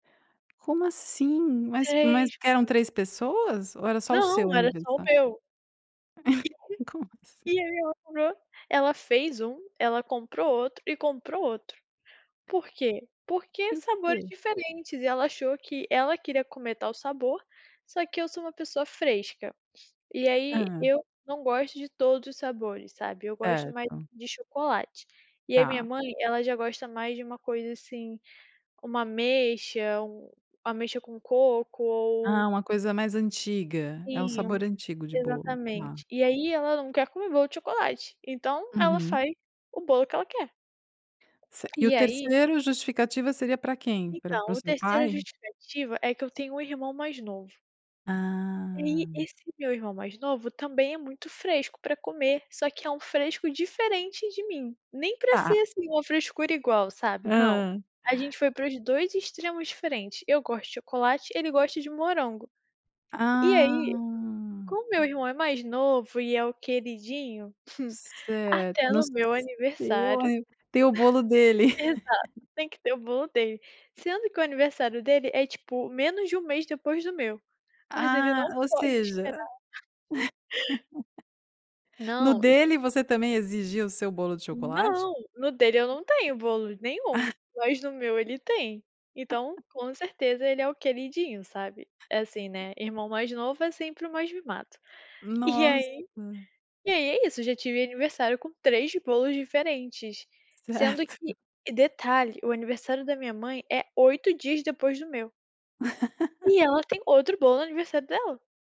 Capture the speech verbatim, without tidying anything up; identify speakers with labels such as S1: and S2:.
S1: Como assim? Mas mas eram
S2: [unintelligible]
S1: três pessoas? Ou era só o seu
S2: Não, era só o
S1: aniversário?
S2: meu.
S1: Como assim?
S2: [unintelligible] E aí ela comprou ela fez um, ela comprou outro e comprou outro. Por quê? Porque
S1: Por
S2: sabores
S1: quê?
S2: diferentes, e ela achou, que ela queria comer, tal sabor, só que eu sou uma pessoa fresca. E aí,
S1: Hã.
S2: eu não gosto de todos os sabores, sabe, eu gosto mais
S1: Certo.
S2: de chocolate. E aí minha
S1: Tá.
S2: mãe, ela já gosta mais de uma coisa, assim, como ameixa, um ameixa com coco ou
S1: Ah, uma coisa mais antiga, é um
S2: Sim um
S1: sabor antigo de bolo, tá.
S2: exatamente. E aí ela não quer comer bolo de chocolate, então, ela
S1: Uhum.
S2: faz o bolo que ela quer.
S1: Cer e o
S2: E aí
S1: terceiro, justificativa seria para quem? Para para
S2: Então,
S1: o
S2: o
S1: seu
S2: terceiro a
S1: pai?
S2: justificativa é que eu tenho um irmão mais novo. E ai,
S1: Ah.
S2: esse meu irmão mais novo, também é muito fresco para comer, só que é um fresco diferente de mim. Nem para ser,
S1: Ta.
S2: assim, uma frescura igual, sabe, não.
S1: Hã.
S2: A gente foi para os dois extremos diferentes, eu gosto de chocolate, ele gosta de morango. E aí,
S1: Ah.
S2: como meu irmão é mais novo e é o queridinho,
S1: Certo,
S2: até
S1: no
S2: no meu
S1: seu
S2: aniversário
S1: ani tem o bolo dele.
S2: Exato, tem que ter o bolo dele. Sendo que o aniversário dele, é tipo menos de um mês depois do meu, mas ele
S1: Ah,
S2: não
S1: ou
S2: pode
S1: seja.
S2: esperar.
S1: no
S2: Não, e
S1: dele, você também exigia o seu bolo de chocolate?
S2: Não, no dele eu não tenho bolo nenhum, mas no meu ele tem. Então, com certeza ele é o queridinho, sabe. É, assim, né, irmão mais novo é sempre o mais mimado. E
S1: Nossa.
S2: aí e aí é isso, eu já tive aniversário com três bolos diferentes. Sendo
S1: Certo.
S2: que e detalhe, o aniversário da minha mãe é oito dias depois do meu. E ela tem outro bolo no aniversário dela.